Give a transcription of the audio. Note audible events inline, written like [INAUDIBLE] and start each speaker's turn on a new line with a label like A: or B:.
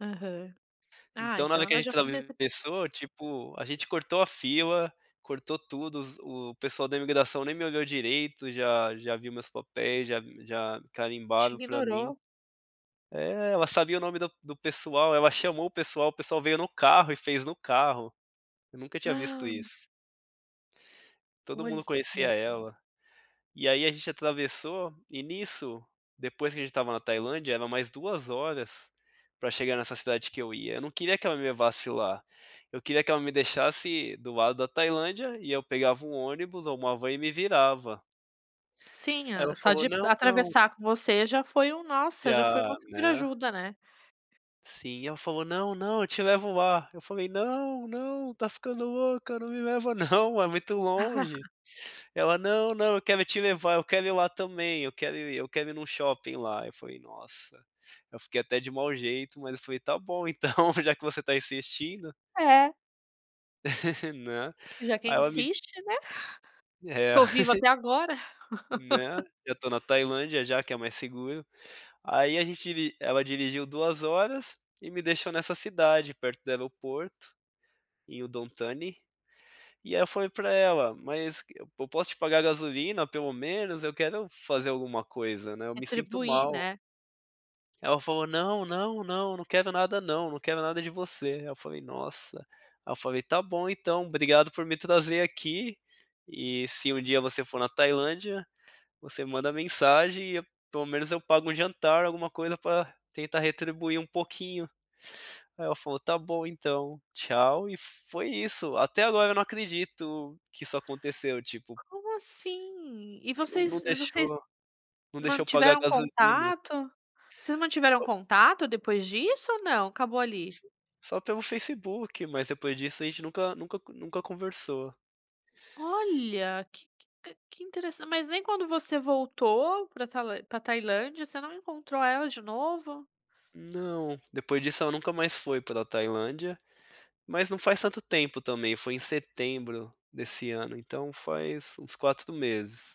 A: Aham. Ah,
B: Então, na
A: então,
B: hora que a
A: ela
B: gente
A: já fazia es
B: atravessou, tipo, a gente cortou a fila, cortou tudo, os o pessoal da imigração nem me olhou direito, já já viu meus papéis, já já
A: Te
B: carimbaram para mim
A: ignorou?
B: É, ela sabia o nome do do pessoal, ela chamou o pessoal, o pessoal veio no carro e fez no carro. Eu nunca tinha visto
A: [GASPS]
B: isso. Todo mundo conhecia
A: Olha.
B: ela e aí a gente atravessou e nisso, depois que a gente estava na Tailândia, era mais 2 horas, pra chegar nessa cidade que eu ia, eu não queria que ela me levasse lá, eu queria que ela me deixasse do lado da Tailândia e eu pegava um ônibus ou uma van e me virava.
A: Sim,
B: Ela
A: a só
B: falou:
A: de p
B: "Não, não"
A: atravessar com você já foi um
B: E
A: nossa, já foi
B: a
A: uma super
B: né
A: ajuda, né?
B: Sim, e ela falou: "Não, não, eu te levo lá", eu falei: "Não, não, tá ficando louca, não me leva não, [CHUCKLES] é muito longe",
A: [CHUCKLES]
B: ela "Não, não, eu quero te levar, eu quero ir lá também, eu quero ir eu quero ir em um shopping lá", eu falei: "Nossa", eu fiquei até de mal jeito, mas eu falei: "Tá bom, então já que você tá insistindo".
A: É.
B: [LAUGHS] Né,
A: Já que
B: aí ela me
A: insiste, né, [CHUCKLES]
B: É.
A: tô vivo
B: [CHUCKLES]
A: até agora.
B: Né,
A: [LAUGHS]
B: já to na Tailândia já que é mais seguro, aí a gente diri ela dirigiu 2 horas e me deixou nessa cidade perto do aeroporto, em Udontani, e ai eu falei pra ela: "Mas eu posso te pagar gasolina pelo menos, eu quero fazer alguma coisa né eu me sinto
A: Retribuir,
B: mal".
A: né?
B: Ela falou: "Não, não, não, não quero nada não, não quero nada de você", aí eu falei "Nossa", ai eu falei, "Tá bom então, obrigado por me trazer aqui, e se um dia você for na Tailândia, você manda mensagem e pelo menos eu pago um jantar, alguma coisa pra tentar retribuir um pouquinho". Aí ela falou: "Tá bom então, tchau" e foi isso, até agora eu não acredito que isso aconteceu, tipo
A: Como assim? E
B: E não não
A: vocês e vocês
B: deixou, não deixou eu pagar
A: mantiveram
B: gasolina.
A: contato? Vocês mantiveram
B: Foi
A: contato depois disso ou não, acabou ali?
B: S só pelo Facebook, mas depois disso a gente nunca nunca nunca conversou.
A: Olha, que que que interes mas nem quando você voltou pra Talân pra Tailândia você não encontrou ela de novo?
B: Não, depois disso ela nunca mais foi pra Tailândia, mas não faz tanto tempo também, foi em setembro desse ano, então, faz uns 4 meses.